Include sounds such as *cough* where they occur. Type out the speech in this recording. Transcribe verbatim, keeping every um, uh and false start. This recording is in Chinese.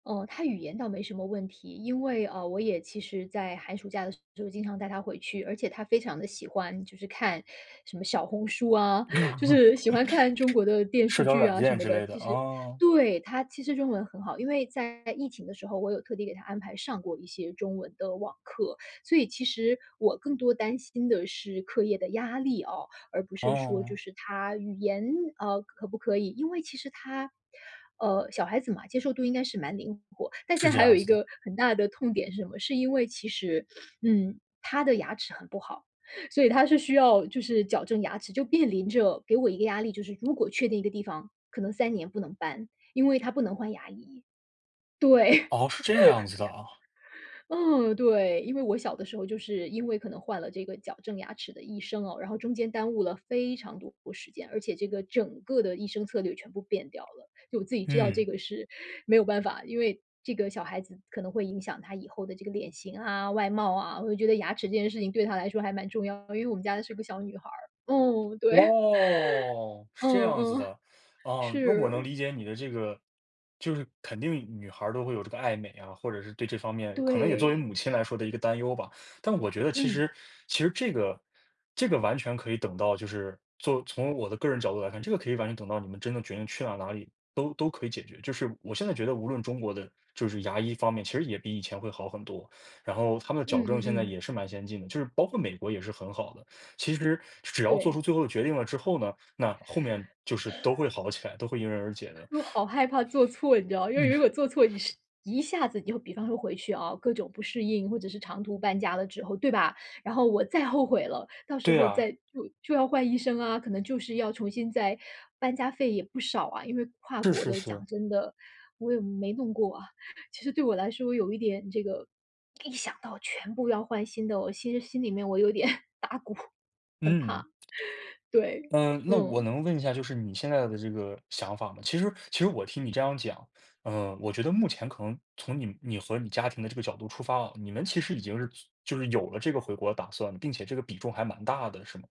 哦，她语言倒没什么问题，因为，呃，我也其实在寒暑假的时候经常带她回去，而且她非常地喜欢就是看什么小红书啊，就 *laughs* 是喜欢看中国的电社视交剧软啊什件么之的，类的，其实啊。对，她其实中文很好。因为在疫情的时候，我有特地给她安排上过一些中文的网课，所以其实我更多担心的是课业的压力哦，而不是说就哦。是她语言，啊，可不可以。因为其实她，呃，小孩子嘛，接受度应该是蛮灵活，但是现在这还有样一子的。个很大的痛点是什么？是因为其实，*sniffs* 嗯，她的牙齿很不好，所以她是需要就是矫正牙齿，就面临着给我一个压力，就是如果确定一个地方，可能三年不能搬，因为她不能换牙医。对。*laughs* 哦，是这个样子的啊。嗯，对，因为我小的时候就是因为可能换了这个矫正牙齿的医生哦，然后中间耽误了非常多的时间，而且这个整个的医生策略全部变掉了，就我自己知道嗯。这个是没有办法，因为，这个小孩子可能会影响她以后的这个脸型啊，外貌啊，我就觉得牙齿这件事情对她来说还蛮重要的，因为我们家的是个小女孩儿。哦，对。哦，是这嗯样子嗯，的。啊，那我能是。理解你的这个就是肯定女孩儿都会有这个爱美啊，或者是对这方面可能也作为对。母亲来说的一个担忧吧，但我觉得其嗯。实其实这个这个完全可以等到就是做从我的个人角度来看，这个可以完全等到你们真正决定去了哪里都都可以解决。就是我现在觉得无论中国的就是牙医方面，其实也比以前会好很多，*sucks teeth* 然后他们的嗯矫正嗯现在嗯。也是蛮先进的，就是包括美国也是很好的。其实只要做出对。了最后的决定了之后呢，那后面就是都会 *sighs* 好起来，都会迎刃而解的。我好害怕做错，你知道，因为如果嗯。做错是一下子就比方说回去啊，各种不适应，或者是长途搬家的之后，对吧？然后我再后悔了，到时对候啊。再就就要换医生啊，可能就是要重新再搬家费也不少啊，因为跨是国是的是。讲真的，我也没弄过啊。其实对我来说有一点这个一想到全部要换新的，我其实心里面我有点打鼓，很怕，嗯。*laughs* 对，呃，那我嗯。能问一下就是你现在的这个想法吗？其实其实我听你这样讲，呃，我觉得目前可能从你们你和你家庭的这个角度出发啊，你们其实已经是就是有了这个回国的打算，并且这个比重还蛮大的是吗？